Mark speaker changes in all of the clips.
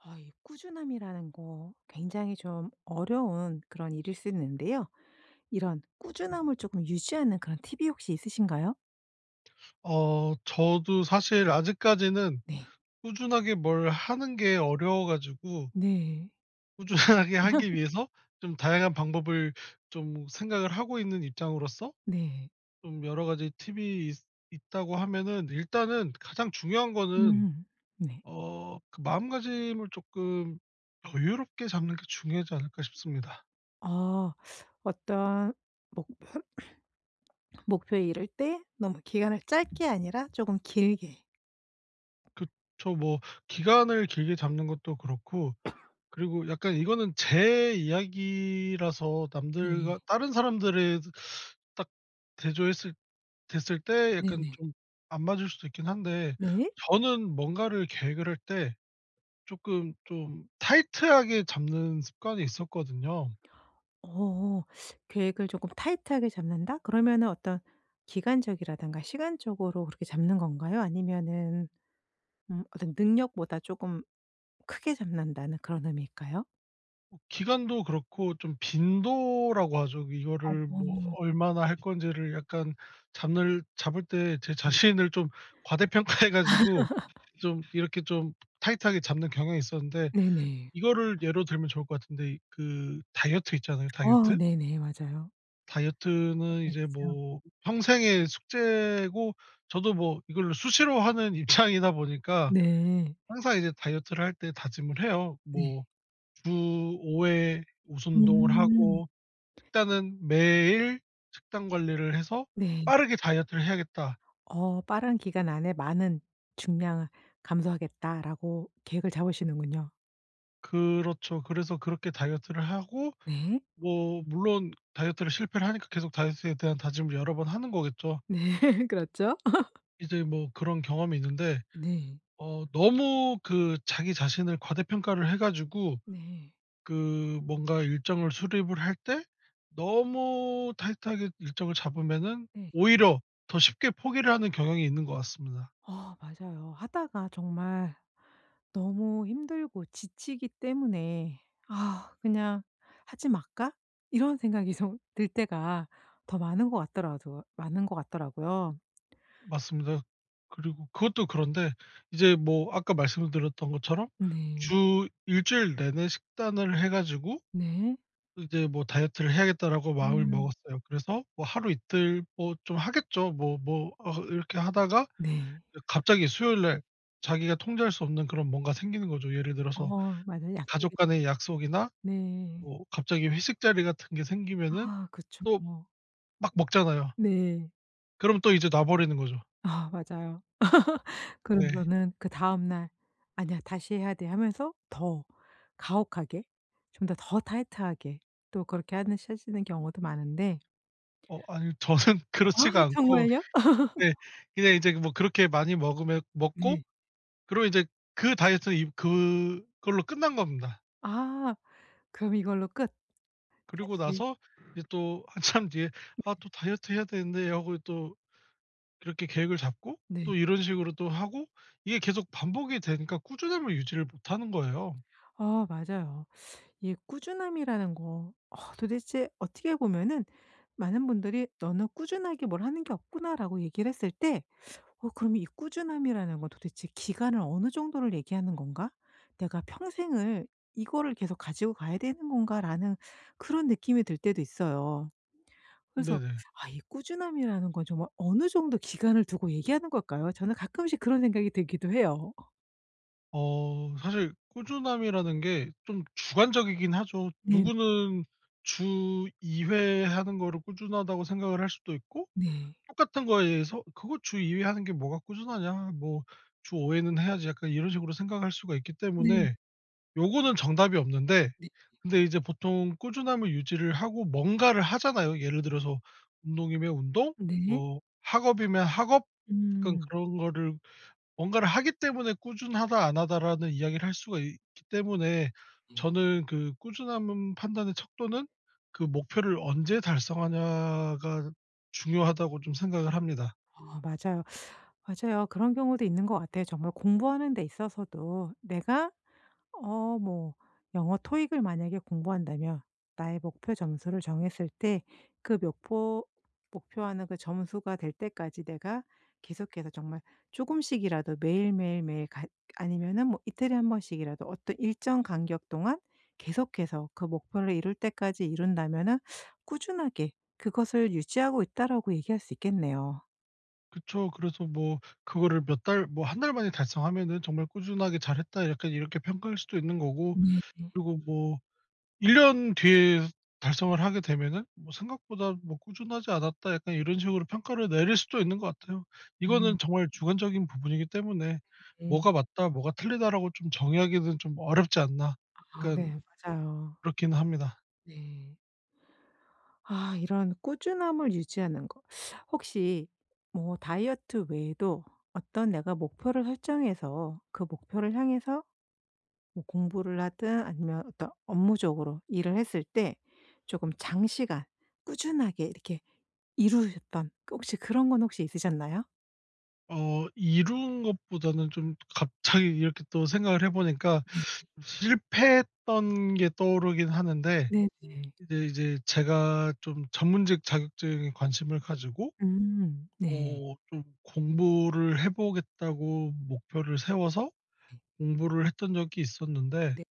Speaker 1: 아 이 꾸준함이라는 거 굉장히 좀 어려운 그런 일일 수 있는데요. 이런 꾸준함을 쪼끔 유지하는 그런 팁이 혹시 있으신가요?
Speaker 2: 어. 저도 사실 아직까지는
Speaker 1: 네.
Speaker 2: 꾸준하게 뭘 하는 게 어려워 가지고
Speaker 1: 네.
Speaker 2: 꾸준하게 하기 위해서 좀 다양한 방법을 좀 생각을 하고 있는 입장으로서
Speaker 1: 네.
Speaker 2: 좀 여러 가지 팁이 있 있다고 하면은 일단은 가장 중요한 거는
Speaker 1: 음. 네.
Speaker 2: 어 그 마음가짐을 쪼끔 여유롭게 잡는 게 중요하지 않을까 싶습니다.
Speaker 1: 어. 어떤 목 목표에 이를 때 너무 기간을 짧게 아니라 조금 길게.
Speaker 2: 그쵸. 뭐 기간을 길게 잡는 것도 그렇고 그리고 약간 이거는 제 이야기라서
Speaker 1: 네.
Speaker 2: 남들과 다른 사람들에도 딱 대조했을 됐을 때 약간
Speaker 1: 네네.
Speaker 2: 좀 안 맞을 수도 있긴 한데
Speaker 1: 네.
Speaker 2: 저는 뭔가를 계획을 할 때 쪼끔 좀 타이트하게 잡는 습관이 있었거든요.
Speaker 1: 어. "계획을 조끔 타이트하게 잡는다." 그러면은 어떤 기간적이라든가 시간적으로 그렇게 잡는 건가요? 아니면은 음 어떤 '능력보다 조금 크게 잡는다.'는 그런 의미일까요?
Speaker 2: 어 기간도 그렇고 좀 빈도라고 하죠.
Speaker 1: 어
Speaker 2: 이거를 뭐
Speaker 1: 아.
Speaker 2: 얼마나 할 건지를 약간 잡늘 잡을 때 제
Speaker 1: 음.
Speaker 2: 자신을 좀 과대평가 해 가지고 좀 이렇게 좀 타이트하게 잡는 경향이 있었는데
Speaker 1: 네네.
Speaker 2: 이거를 예로 들면 좋을 것 같은데 그 다이어트 있잖아요.
Speaker 1: 어
Speaker 2: 다이어트?
Speaker 1: 네네. 맞아요.
Speaker 2: 다이어트는
Speaker 1: 예
Speaker 2: 이제
Speaker 1: 그쵸.
Speaker 2: 뭐 평생의 숙제고 저도 뭐 이거를 수시로 하는 입장이다 보니까
Speaker 1: 네.
Speaker 2: 항상 이제 다이어트를 할 때 다짐을 해요.
Speaker 1: 네.
Speaker 2: 뭐 주 5 회 무슨 운동을
Speaker 1: 음.
Speaker 2: 하고 식단은 매일 식단 관리를 해서
Speaker 1: 네.
Speaker 2: '빠르게 다이어트를 해야겠다.'
Speaker 1: 어 '빠른 기간 안에 많은 중량을 감소하겠다.'라고 계획을 잡으시는군요.
Speaker 2: 그렇죠. 그래서 그렇게 다이어트를 하고
Speaker 1: 네.
Speaker 2: 뭐 물론 다이어트를 실패를 하니까 계속 다이어트에 대한 다짐을 여러 번 하는 거겠죠.
Speaker 1: 네. 그렇죠.
Speaker 2: 이제 뭐 그런 경험이 있는데
Speaker 1: 네.
Speaker 2: 어 너무 그 자기 자신을 과대평가를 해 가지고
Speaker 1: 네.
Speaker 2: 그 뭔가 일정을 수립을 할 때 너무 타이트하게 일정을 잡으면은
Speaker 1: 네.
Speaker 2: 오히려 더 쉽게 포기를 하는 경향이 있는 것 같습니다.
Speaker 1: 어 맞아요. 하다가 정말 너무 힘들고 지치기 때문에' 그냥 하지 말까?' 이런 생각이 정 들 때가 더 많은 것 같더라도 많은 것 같더라고요.
Speaker 2: 맞습니다. 그리고 그것도 그런데 이제 뭐 아까 말씀을 드렸던 것처럼
Speaker 1: 네.
Speaker 2: 주 1 주일 내내 식단을 해 가지고
Speaker 1: 네.
Speaker 2: 이제 뭐 '다이어트를 해야겠다.'라고 마음을
Speaker 1: 음.
Speaker 2: 먹었어요. 그래서 뭐 하루, 이틀 뭐 좀 하겠죠. 뭐 뭐 어 이렇게 하다가
Speaker 1: 네.
Speaker 2: 갑자기 이어 수요일날 자기가 통제할 수 없는 그런 뭔가 생기는 거죠. 예를 들어서
Speaker 1: 어머. 맞아요.
Speaker 2: 가족
Speaker 1: 약속있
Speaker 2: 간의 약속이나
Speaker 1: 네.
Speaker 2: 뭐 갑자기 회식 자리 같은 게 생기면은
Speaker 1: 아. 그쵸.
Speaker 2: 또
Speaker 1: 뭐.
Speaker 2: 막 먹잖아요.
Speaker 1: 네.
Speaker 2: 그럼 또 이제 놔 버리는 거죠.
Speaker 1: 아 맞아요.
Speaker 2: 네.
Speaker 1: 그러고서는 그 다음날 "아니야. 다시 해야 돼."하면서 더 가혹하게 좀 더 더 타이트하게 또 그렇게 하는 실시는 경우도 많은데
Speaker 2: 어 아니요. 저는 그렇지가
Speaker 1: 아이
Speaker 2: 않고.
Speaker 1: 정말요?
Speaker 2: 네 그냥 이제 뭐 그렇게 많이 먹으면 먹고
Speaker 1: 네.
Speaker 2: 그리고 이제 그 다이어트는 임 그걸로 끝난 겁니다.
Speaker 1: 아. 그럼 이걸로 끝.
Speaker 2: 그리고
Speaker 1: 다시
Speaker 2: 나서 이제 또 한참 뒤에 '아 또 다이어트 해야 되는데.' 하고 또 이렇게 계획을 잡고
Speaker 1: 네.
Speaker 2: 또 이런 식으로 또 하고. 이게 계속 반복이 되니까 꾸준함을 유지를 못하는 거예요.
Speaker 1: 아 맞아요. 이 꾸준함이라는 거. 어 도대체 어떻게 보면은 많은 분들이 "너는 꾸준하게 뭘 하는 게 없구나."라고 얘기를 했을 때 어 그럼 '이 꾸준함이라는 건 도대체 기간을 어느 정도를 얘기하는 건가? 내가 평생을 이거를 계속 가지고 가야 되는 건가?'라는 그런 느낌이 들 때도 있어요. 그래서
Speaker 2: 네네.
Speaker 1: 아 이 꾸준함이라는 건 정말 어느 정도 기간을 두고 얘기하는 걸까요? 저는 가끔씩 그런 생각이 들기도 해요.
Speaker 2: 어 사실 꾸준함이라는 게 좀 주관적이긴 하죠.
Speaker 1: 네.
Speaker 2: 누구는 '주 2 회 하는 거를 꾸준하다.'고 생각을 할 수도 있고
Speaker 1: 네.
Speaker 2: 똑같은 거에서 '그거 주 2 회 하는 게 뭐가 꾸준하냐. 뭐 주 5 회는 해야지.' 약간 이런 식으로 생각할 수가 있기
Speaker 1: 네.
Speaker 2: 때문에 요거는 정답이 없는데
Speaker 1: 네.
Speaker 2: 근데 이제 보통 꾸준함을 유지를 하고 뭔가를 하잖아요. 예를 들어서 운동이면 운동,
Speaker 1: 네.
Speaker 2: 뭐 학업이면 학업 약간
Speaker 1: 음.
Speaker 2: 그런 거를 뭔가를 하기 때문에 "꾸준하다, 안 하다."라는 이야기를 할 수가 있기 때문에
Speaker 1: 네.
Speaker 2: 저는 그 꾸준함은 판단의 척도는 그 목표를 언제 달성하냐가 중요하다고 좀 생각을 합니다.
Speaker 1: 어. 맞아요. 맞아요. 그런 경우도 있는 것 같아요. 정말 공부하는 데 있어서도 내가 어 뭐 영어 토익을 만약에 공부한다면 나의 목표 점수를 정했을 때 그 목표- 목표하는 그 점수가 될 때까지 내가 계속해서 정말 조금씩이라도 매일, 매일, 매일 갓 아니면은 뭐 이틀에 1 번씩이라도 어떤 일정 간격 동안 계속해서 그 목표를 이룰 때까지 이룬다면은 "꾸준하게 그것을 유지하고 있다."라고 얘기할 수 있겠네요.
Speaker 2: 그쵸. 그래서 뭐 그거를 몇 달 뭐 1 달 만에 달성하면은 '정말 꾸준하게 잘했다.' 약간 이렇게 평가할 수도 있는 거고.
Speaker 1: 네.
Speaker 2: 그리고 뭐 1 년 뒤에 달성을 하게 되면은 뭐 '생각보다 뭐 꾸준하지 않았다.' 약간 이런 식으로 평가를 내릴 수도 있는 것 같아요.
Speaker 1: 음.
Speaker 2: 이거는 정말 주관적인 부분이기 때문에
Speaker 1: 네.
Speaker 2: ''뭐가 맞다. 뭐가 틀리다.'라고 좀 정의하기는 좀 어렵지 않나.'
Speaker 1: 아
Speaker 2: 약간
Speaker 1: 네. 맞아요.
Speaker 2: 그렇긴 합니다.
Speaker 1: 네. 아. 이런 꾸준함을 유지하는 거 혹시 뭐 다이어트 외에도 어떤 내가 목표를 설정해서 그 목표를 향해서 뭐 공부를 하든 아니면 어떤 업무적으로 일을 했을 때 조금 장시간 꾸준하게 이렇게 이루셨던 그 혹시 그런 건 혹시 있으셨나요?
Speaker 2: 어 이룬 것보다는 좀 갑자기 이렇게 또 생각을 해 보니까
Speaker 1: 네.
Speaker 2: 실패했던 게 떠오르긴 하는데.
Speaker 1: 네네.
Speaker 2: 이제 이제 제가 좀 전문직 자격증에 관심을 가지고
Speaker 1: 음. 네.
Speaker 2: 어 좀 '공부를 해 보겠다.'고 목표를 세워서 공부를 했던 적이 있었는데
Speaker 1: 네.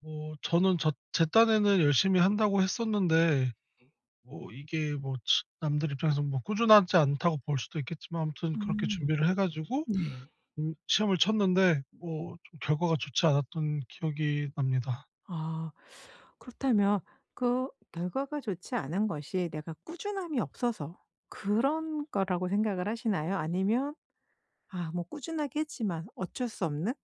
Speaker 2: 뭐 저는 저 제 딴에는 열심히 한다고 했었는데
Speaker 1: 네.
Speaker 2: 뭐 이게 뭐 측 남들 입장에서 뭐 '꾸준하지 않다.'고 볼 수도 있겠지만 아무튼 그렇게
Speaker 1: 음.
Speaker 2: 준비를 해 가지고
Speaker 1: 네.
Speaker 2: 음 시험을 쳤는데 뭐 좀 결과가 좋지 않았던 기억이 납니다.
Speaker 1: 아. 그렇다면 그 결과가 좋지 않은 것이 내가 꾸준함이 없어서 그런 거라고 생각을 하시나요? 아니면 아 뭐 꾸준하게 했지만 어쩔 수 없는?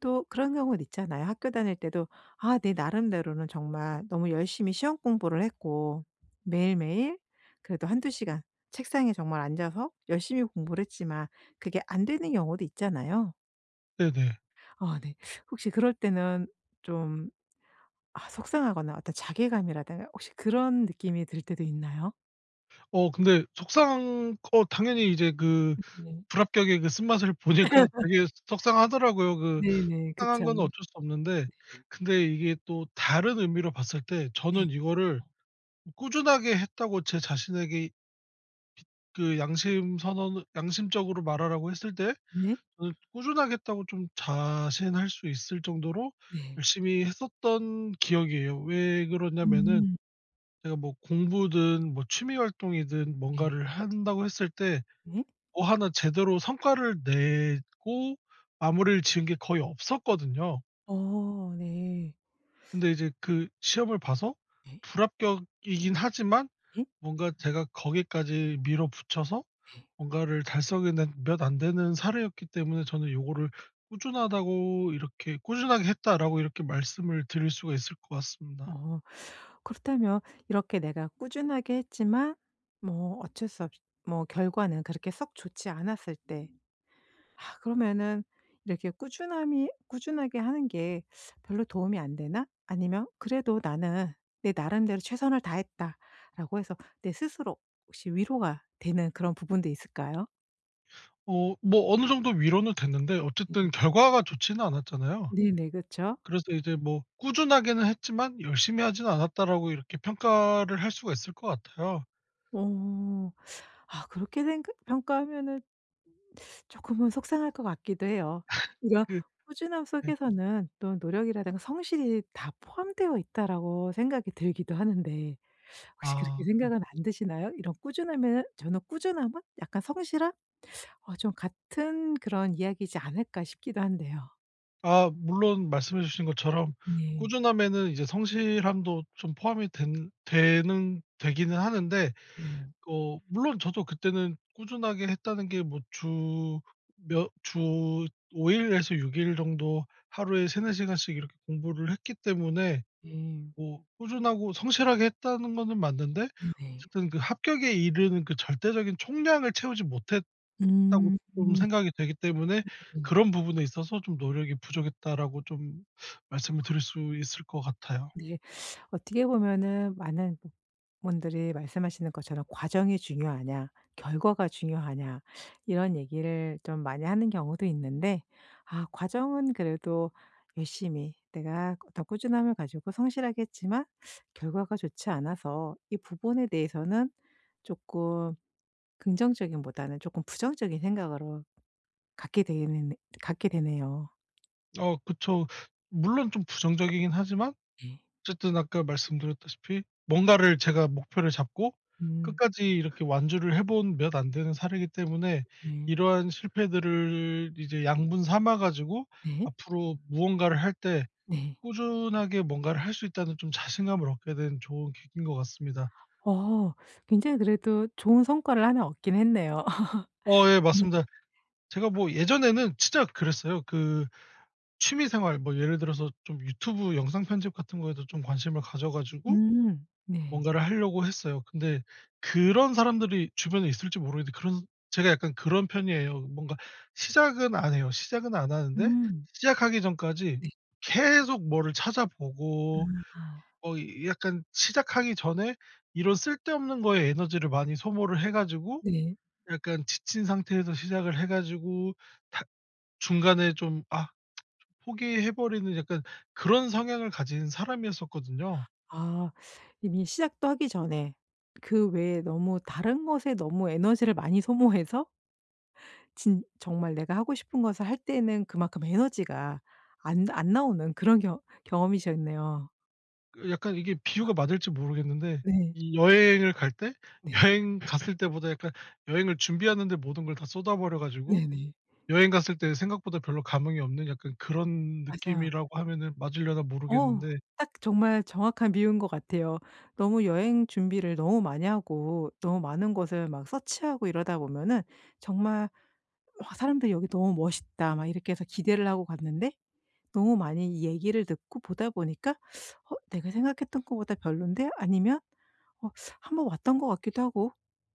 Speaker 1: 또 그런 경우도 있잖아요. 학교 다닐 때도 아 내 나름대로는 정말 너무 열심히 시 험공부를 했고 매일매일 그래도 1-2 시간 책상에 정말 앉아서 열심히 공부를 했지만 그게 안 되는 경우도 있잖아요.
Speaker 2: 네네.
Speaker 1: 아 네. 혹시 그럴 때는 좀 아 속상하거나 어떤 자괴감이라든가 혹시 그런 느낌이 들 때도 있나요?
Speaker 2: 어 근데 속상한 거 당연히 이제 그
Speaker 1: 음 네.
Speaker 2: 불합격의 그 쓴맛을 보니까 되게 소 속상하더라고요. 그
Speaker 1: 네네.
Speaker 2: 속상한
Speaker 1: 그쵸.
Speaker 2: 건 어쩔 수 없는데.
Speaker 1: 네.
Speaker 2: 근데 이게 또 다른 의미로 봤을 때
Speaker 1: 네.
Speaker 2: 저는 이거를 '꾸준하게 했다.'고 제 자신에게 그 양심선언을 양심적으로 말하라고 했을 때
Speaker 1: 네.
Speaker 2: 저는 '꾸준하게 했다.'고 좀 자신할 수 있을 정도로
Speaker 1: 네.
Speaker 2: 열심히 했었던 기억이에요. 왜 그러냐면은
Speaker 1: 음.
Speaker 2: 제가 뭐 공부든 뭐 취미 활동이든
Speaker 1: 네.
Speaker 2: 뭔가를 한다고 했을 때
Speaker 1: 네.
Speaker 2: 뭐 하나 제대로 성과를 내고 마무리를 지은 게 거의 없었거든요.
Speaker 1: 어. 네.
Speaker 2: 근데 이제 그 시험을 봐서
Speaker 1: 네.
Speaker 2: 불합격이긴 하지만
Speaker 1: 예.
Speaker 2: 뭔가 제가 거기까지 밀어붙여서
Speaker 1: 네.
Speaker 2: 뭔가를 달성해 낸 몇 안 되는 사례였기 때문에 저는 요거를 꾸준하다고 이렇게 "꾸준하게 했다."라고 이렇게 말씀을 드릴 수가 있을 것 같습니다.
Speaker 1: 어. 그렇다면 이렇게 내가 꾸준하게 했지만 뭐 어쩔 수 없이 뭐 결과는 그렇게 썩 좋지 않았을 때 아 그러면은 이렇게 꾸준함이 '꾸준하게 하는 게 별로 도움이 안 되나?' 아니면 그래도 '나는 내 나름대로 최선을 다했다.'라고 해서 내 스스로 혹시 위로가 되는 그런 부분도 있을까요?
Speaker 2: 어 뭐 어느 정도 위로는 됐는데 어쨌든 결과가 좋지는 않았잖아요.
Speaker 1: 네네. 그쵸.
Speaker 2: 그래서 이제 뭐 '꾸준하게는 했지만 열심히 하진 않았다.'라고 이렇게 평가를 할 수가 있을 것 같아요.
Speaker 1: 어. 아 그렇게 생각 평가하면은 조금은 속상할 것 같기도 해요. 이런
Speaker 2: 그
Speaker 1: 꾸준함
Speaker 2: 네.
Speaker 1: 속에서는 또 '노력이라든가 성실이 다 포함되어 있다.'라고 생각이 들기도 하는데 혹시 그렇게
Speaker 2: 아. 네.
Speaker 1: 생각은 안 드시나요? 이런 꾸준함에는 저는 꾸준함은 약간 '성실함? 어 좀 같은 그런 이야기지 않을까?' 싶기도 한데요.
Speaker 2: 아. 물론 말씀해 주신 것처럼
Speaker 1: 네.
Speaker 2: 꾸준함에는 이제 성실함도 좀 포함이 된 되는 되기는 하는데
Speaker 1: 네.
Speaker 2: 어 물론 저도 그때는 꾸준하게 했다는 게 뭐 주 몇 주 5 일에서 6 일 정도 하루에 3-4 시간씩 이렇게 공부를 했기 때문에
Speaker 1: 네.
Speaker 2: 뭐 '꾸준하고 성실하게 했다.'는 거는 맞는데
Speaker 1: 네네.
Speaker 2: 어쨌든 그 합격에 이르는 그 '절대적인 총량을 채우지 못했다.'고
Speaker 1: 음음.
Speaker 2: 좀
Speaker 1: 네네.
Speaker 2: 생각이 되기 때문에 그런 부분에 있어서 "좀 노력이 부족했다."라고 좀 말씀을 드릴 수 있을 것 같아요.
Speaker 1: 네. 어떻게 보면은 많은 분들이 말씀하시는 것처럼 "과정이 중요하냐? 결과가 중요하냐?" 이런 얘기를 좀 많이 하는 경우도 있는데 아 과정은 그래도 열심히 내가 더 꾸준함을 가지고 성실하게 했지만 결과가 좋지 않아서 이 부분에 대해서는 쪼끔 긍정적임보다는 조금 부정적인 생각으로 갖게 되는 갖게 되네요.
Speaker 2: 어 그쵸. 물론 좀 부정적이긴 하지만 어쨌든 아까 말씀드렸다시피 뭔가를 제가 목표를 잡고
Speaker 1: 음.
Speaker 2: 끝까지 이렇게 완주를 해 본 몇 안 되는 사례이기 때문에
Speaker 1: 네.
Speaker 2: 이러한 실패들을 이제 양분 삼아 가지고
Speaker 1: 네.
Speaker 2: 앞으로 무언가를 할 때
Speaker 1: 네.
Speaker 2: '꾸준하게 뭔가를 할 수 있다.'는 좀 자신감을 얻게 된 좋은 계기인 것 같습니다.
Speaker 1: 어 굉장히 그래도 좋은 성과를 1 얻긴 했네요.
Speaker 2: 어 예
Speaker 1: 맞아
Speaker 2: 맞습니다. 제가 뭐 예전에는 진짜 그랬어요. 그 취미 생활 뭐 예를 들어서 좀 유튜브 영상 편집 같은 거에도 좀 관심을 가져 가지고
Speaker 1: 음 네.
Speaker 2: 뭔가를 하려고 했어요. 근데 그런 사람들이 주변에 있을지 모르겠는데 그런 제가 약간 그런 편이에요. 뭔가 시작은 안 해요. 시작은 안 하는데
Speaker 1: 음.
Speaker 2: 시작하기 전까지
Speaker 1: 네.
Speaker 2: 계속 뭐를 찾아 보고
Speaker 1: 아.
Speaker 2: 뭐 약간 시작하기 전에 이런 쓸데없는 거에 에너지를 많이 소모를 해 가지고
Speaker 1: 네.
Speaker 2: 약간 지친 상태에서 시작을 해가지고 탁 중간에 좀 아 포기해 버리는 약간 그런 성향을 가진 사람이었었거든요.
Speaker 1: 아 이미 시작도 하기 전에 그 외에 너무 다른 것에 너무 에너지를 많이 소모해서 진 정말 내가 하고 싶은 것을 할 때는 그만큼 에너지가 안 안 나오는 그런 경 경험이셨네요.
Speaker 2: 그 약간 이게
Speaker 1: 아.
Speaker 2: 비유가 맞을지 모르겠는데
Speaker 1: 네.
Speaker 2: 이 여행을 갈 때
Speaker 1: 네.
Speaker 2: 여행 갔을 때보다 약간 여행을 준비하는 데 모든 걸 다 쏟아 버려 가지고
Speaker 1: 네네.
Speaker 2: 여행 갔을 때 생각보다 별로 감흥이 없는 약간 그런
Speaker 1: 맞아요.
Speaker 2: 느낌이라고 하면은 맞으려나
Speaker 1: 어
Speaker 2: 모르겠는데
Speaker 1: 딱 정말 정확한 비유인 것 같아요. 너무 여행 준비를 너무 많이 하고 너무 많은 곳을 막 서치하고 이러다 보면은 정말 "우와." 사람들이 "여기 너무 멋있다." 막 이렇게 해서 기대를 하고 갔는데 너무 많이 얘기를 듣고 보다 보니까 '어 내가 생각했던 거보다 별로인데?' 아니면 '어 한번 왔던 것 같기도 하고.'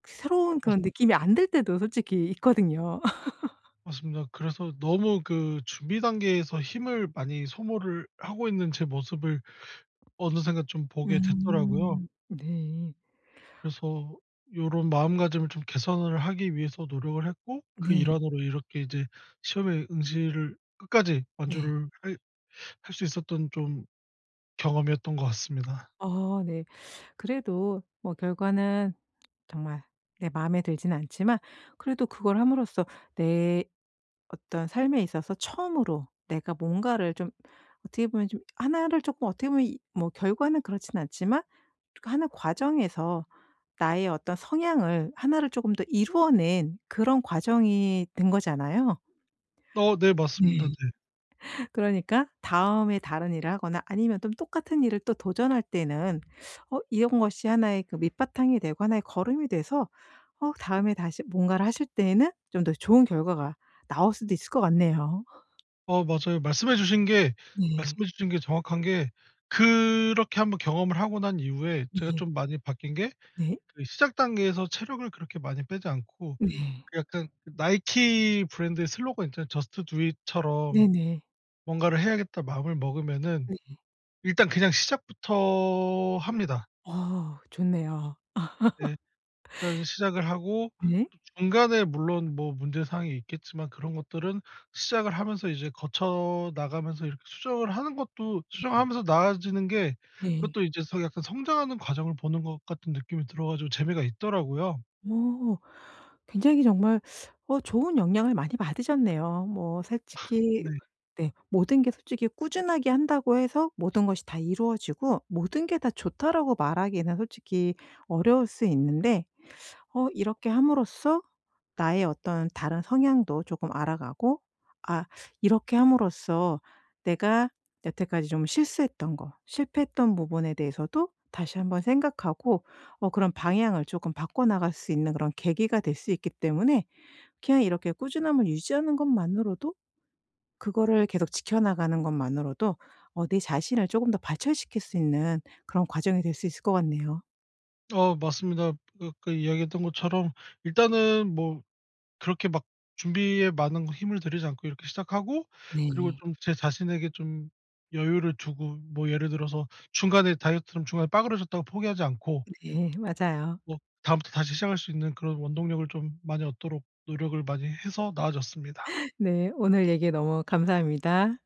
Speaker 1: 새로운
Speaker 2: 맞스
Speaker 1: 그런 느낌이 안 들 때도 솔직히 있거든요.
Speaker 2: 맞습니다. 그래서 너무 그 준비 단계에서 힘을 많이 소모를 하고 있는 제 모습을 어느새인가 좀 보게 됐더라고요.
Speaker 1: 음 네.
Speaker 2: 그래서 요런 마음가짐을 좀 개선을 하기 위해서 노력을 했고 그
Speaker 1: 네.
Speaker 2: 일환으로 이렇게 이제 시험에 응시를 끝까지
Speaker 1: 네.
Speaker 2: 완주를 할 할 수 있었던 좀 경험이었던 것 같습니다.
Speaker 1: 어 네. 그래도 뭐 결과는 정말 내 마음에 들진 않지만 그래도 그걸 함으로써 내 어떤 삶에 있어서 처음으로 내가 뭔가를 좀 어떻게 보면 좀 1 를 조금 어떻게 보면 이 뭐 결과는 그렇진 않지만 그 하는 과정에서 나의 어떤 성향을 1 를 조금 더 이루어 낸 그런 과정이 된 거잖아요.
Speaker 2: 어 네 맞습니다.
Speaker 1: 네.
Speaker 2: 네.
Speaker 1: 그러니까 다음에 다른 일을 하거나 아니면 똠 똑같은 일을 또 도전할 때는 어 이런 것이 1 의 그 밑바탕이 되고 1 의 거름이 돼서 어 다음에 다시 뭔가를 하실 때에는 좀 더 좋은 결과가 나올 수도 있을 것 같네요.
Speaker 2: 어 맞아요. 말씀해 주신 게
Speaker 1: 네.
Speaker 2: 말씀해 주신 게 정확한 게 그렇게 한번 경험을 하고 난 이후에 제가
Speaker 1: 네.
Speaker 2: 좀 많이 바뀐 게
Speaker 1: 네?
Speaker 2: 그 시작 단계에서 체력을 그렇게 많이 빼지 않고
Speaker 1: 네.
Speaker 2: 그 약간 나이키 브랜드의 슬로건 있잖아요. "저스트 두 잇." 처럼
Speaker 1: 네네.
Speaker 2: '뭔가를 해야겠다.' 마음을 먹으면은
Speaker 1: 네.
Speaker 2: 일단 그냥 시작부터 합니다.
Speaker 1: 와 좋네요.
Speaker 2: 네. 일단 시작을 하고
Speaker 1: 네.
Speaker 2: 또 중간에 물론 뭐 문제 사항이 있겠지만 그런 것들은 시작을 하면서 이제 거쳐 나가면서 이렇게 수정을 하는 것도 수정을
Speaker 1: 네.
Speaker 2: 하면서 나아지는 게
Speaker 1: 네.
Speaker 2: 그것도 이제 서 약간 성장하는 과정을 보는 것 같은 느낌이 들어 가지고 재미가 있더라고요.
Speaker 1: 어 굉장히 정말 어 좋은 영향을 많이 받으셨네요. 뭐 솔직히
Speaker 2: 네.
Speaker 1: 네. 모든 게 솔직히 꾸준하게 한다고 해서 "모든 것이 다 이루어지고 모든 게 다 좋다."라고 말하기에는 솔직히 어려울 수 있는데 어 이렇게 함으로써 나의 어떤 다른 성향도 조금 알아 가고 아 이렇게 함으로써 내가 여태까지 좀 실수했던 거 실패했던 부분에 대해서도 다시 한번 생각하고 어 그런 방향을 조금 바꿔나갈 수 있는 그런 계기가 될 수 있기 때문에 그냥 이렇게 꾸준함을 유지하는 것만으로도 그거를 계속 지켜나가는 것만으로도 어 내 자신을 쪼금 더 발전시킬 수 있는 그런 과정이 될 수 있을 것 같네요.
Speaker 2: 어 맞습니다. 그 아까 이야기했던 것처럼 일단은 뭐 그렇게 막 준비에 많은 힘을 들이지 않고 이렇게 시작하고 그리고
Speaker 1: 네.
Speaker 2: 좀 제 자신에게 좀 여유를 두고 뭐 예를 들어서 중간에 다이어트를 중간에 빠그라졌다고 포기하지 않고
Speaker 1: 네 맞아요.
Speaker 2: 뭐 다음부터 다시 시작할 수 있는 그런 원동력을 좀 많이 얻도록 노력을 많이 해서 나아졌습니다.
Speaker 1: 네. 오늘 얘기 너무 감사합니다.